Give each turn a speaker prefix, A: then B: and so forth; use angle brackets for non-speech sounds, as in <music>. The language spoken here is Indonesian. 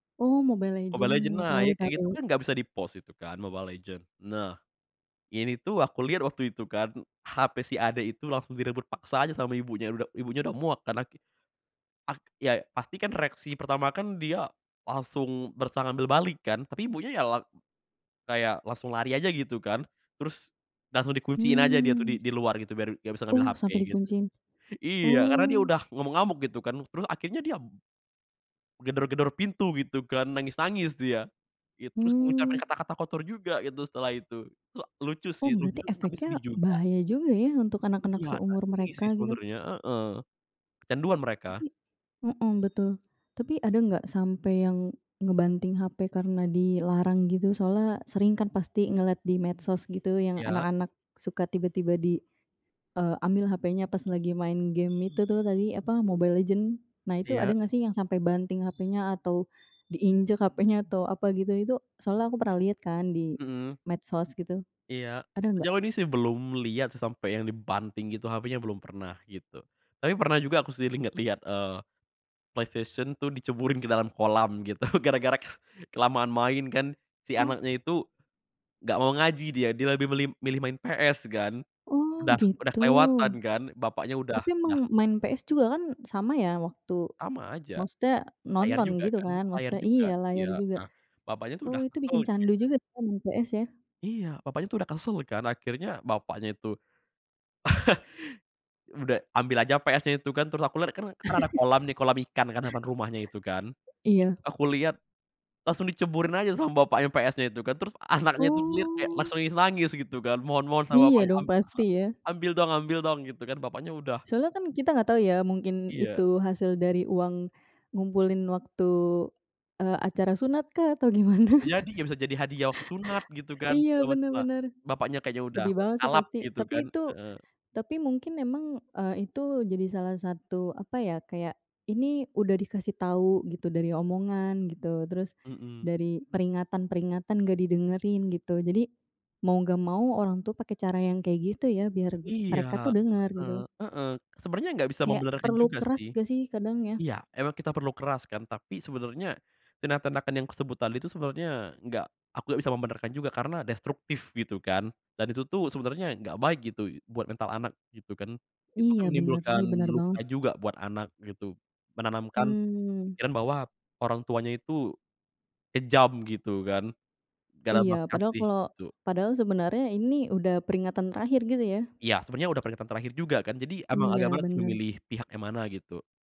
A: Oh, Mobile
B: Mobile Legends
A: Legends. Tahu
B: naik. Kayak gitu,
A: tahu.
B: kan, gak bisa di-pause itu, kan, Mobile Legends. Nah, ini tuh, aku liat waktu itu, kan, HP si adek itu langsung direbut paksa aja sama ibunya uda ibunya udah muak karena ki ak ya, pasti, kan, reaksi pertama, kan, dia langsung berusaha ngambil balik, kan, tapi ibunya, ya, lag kayak langsung lari aja gitu, kan. Terus, langsung dikunciin aja dia, tuh di
A: Mmm.
B: di luar, gitu biar gak bisa ngambil
A: Oh,
B: HP,
A: sampai
B: gitu.
A: dikunciin.
B: Iya, karena dia
A: Oh.
B: udah ngamuk-ngamuk gitu kan. Terus akhirnya dia gedor-gedor pintu gitu, kan. Nangis-nangis dia. It terus ngucapin
A: Mmm.
B: kata-kata kotor juga gitu setelah itu. Sa lucu
A: Oh,
B: sih,
A: berarti
B: lucu, tapi
A: efeknya
B: sedih juga.
A: bahaya juga, ya, untuk
B: Iya.,
A: anak-anak
B: <unintelligible>
A: seumur mereka,
B: sih,
A: gitu.
B: sebenarnya, heeh. Kecanduan mereka.
A: Tapi mhm, betul. Tapi ada nggak sampai yang ngebanting HP karena dilarang, gitu? Soalnya sering kan pasti ngeliat di medsos, gitu, yang
B: Iya.
A: anak-anak suka tiba-tiba di, eee, ambil HP-nya pas lagi main game, itu, tuh, tadi, apa,
B: Mhm.
A: Mobile Legends. Nah, itu ada
B: Iya.
A: nggak sih yang sampai banting HP-nya atau diinjek HP-nya atau apa, gitu, itu soalnya aku pernah lihat, kan, di
B: Mhm.
A: medsos, gitu,
B: Iya.
A: ada gak?
B: Sejauh ini, sih, belum liat sih sampe yang dibanting gitu HP-nya, belum pernah, gitu. Tapi pernah juga aku sendiri ngeliat-liat, eee, PlayStation tuh diceburin ke dalam kolam gitu gara-gara ke kelamaan main, kan. Si
A: Oh.
B: anaknya itu gak mau ngaji dia. Dia lebih milih milih main PS, kan.
A: Oh,
B: Udah udah
A: gitu.
B: kelewatan, kan. Bapaknya udah
A: Tapi emang
B: dah
A: main PS juga, kan, sama, ya, waktu
B: Sama aja.
A: maksudnya
B: Layar
A: nonton,
B: juga,
A: gitu,
B: kan.
A: kan,
B: Layar
A: maksudnya
B: juga.
A: iya, layar
B: Iya,
A: juga.
B: heeh, bapaknya tuh
A: Oh,
B: udah
A: itu
B: kesel
A: bikin candu
B: kayaknya.
A: juga, ya, main PS ya.
B: Iya. Papanya itu udah kesel, kan. Akhirnya bapaknya itu <chuckles> udah ambil aja PS-nya itu, kan. Terus aku liat, kan kan, ada kolam nih, kolam
A: <chuckles>
B: ikan, kan, depan rumahnya itu, kan.
A: Iya.
B: Aku liat, langsung diceburin aja sama bapaknya PS-nya itu, kan. Terus, anaknya itu ngeliat kayak
A: Oh.
B: langsung nangis-nangis gitu kan. Mohon-mohon sama
A: Iya,
B: bapaknya,
A: dong.
B: am a
A: Pasti, ya.
B: "Ambil dong ambil dong." Gitu, kan. Bapaknya udah
A: Soalnya, kan, kita enggak tahu, ya, mungkin
B: Iya.
A: itu hasil dari uang ngumpulin waktu, eee, acara sunat, kah, atau gimana?
B: Bisa jadi, ya, bisa jadi hadiah waktu sunat
A: <chuckles>
B: gitu, kan,
A: Iya,
B: segala macem,
A: benar
B: lah.
A: benar.
B: Bapaknya kayaknya udah
A: Sedih banget, sih,
B: kalap
A: pasti.
B: gitu, kan.
A: Tapi itu
B: Heeh.
A: tapi mungkin memang, eee, itu jadi salah satu, apa, ya? Kayak, ini udah dikasih tahu gitu dari omongan, gitu. Terus
B: Mhm.
A: dari peringatan-peringatan gak didengerin, gitu. Jadi, mau gak mau orang tua, pakai cara yang kayak gitu, ya, biar
B: Iya.
A: mereka, tuh, denger,
B: Heeh
A: gitu.
B: heeh. Sebenernya gak bisa
A: Kayak
B: membenarkan
A: perlu
B: juga,
A: keras,
B: sih.
A: gak, sih? Kadang, ya.
B: Iya, emang kita perlu keras, kan, tapi sebenernya tindak-tindakan yang kusebut tadi itu, sebenernya gak aku nggak bisa membenarkan juga. Karena destruktif gitu, kan, dan itu, tuh, sebenernya gak baik, gitu, buat mental anak gitu, kan. Itu, kan,
A: Iya, benar,
B: menimbulkan
A: sih. Benar
B: luka
A: banget.
B: juga buat anak, gitu. Menanamkan
A: Mmm.
B: pikiran bahwa orang tuanya itu kejam gitu, kan. Gak ada
A: Iya,
B: belas
A: padahal
B: kasih,
A: kalau
B: gitu.
A: padahal sebenarnya ini udah peringatan terakhir, gitu, ya?
B: Iya. Sebenernya udah peringatan terakhir juga, kan. Jadi emang agak
A: Iya,
B: malas, sih,
A: benar.
B: memilih pihak yang mana, gitu.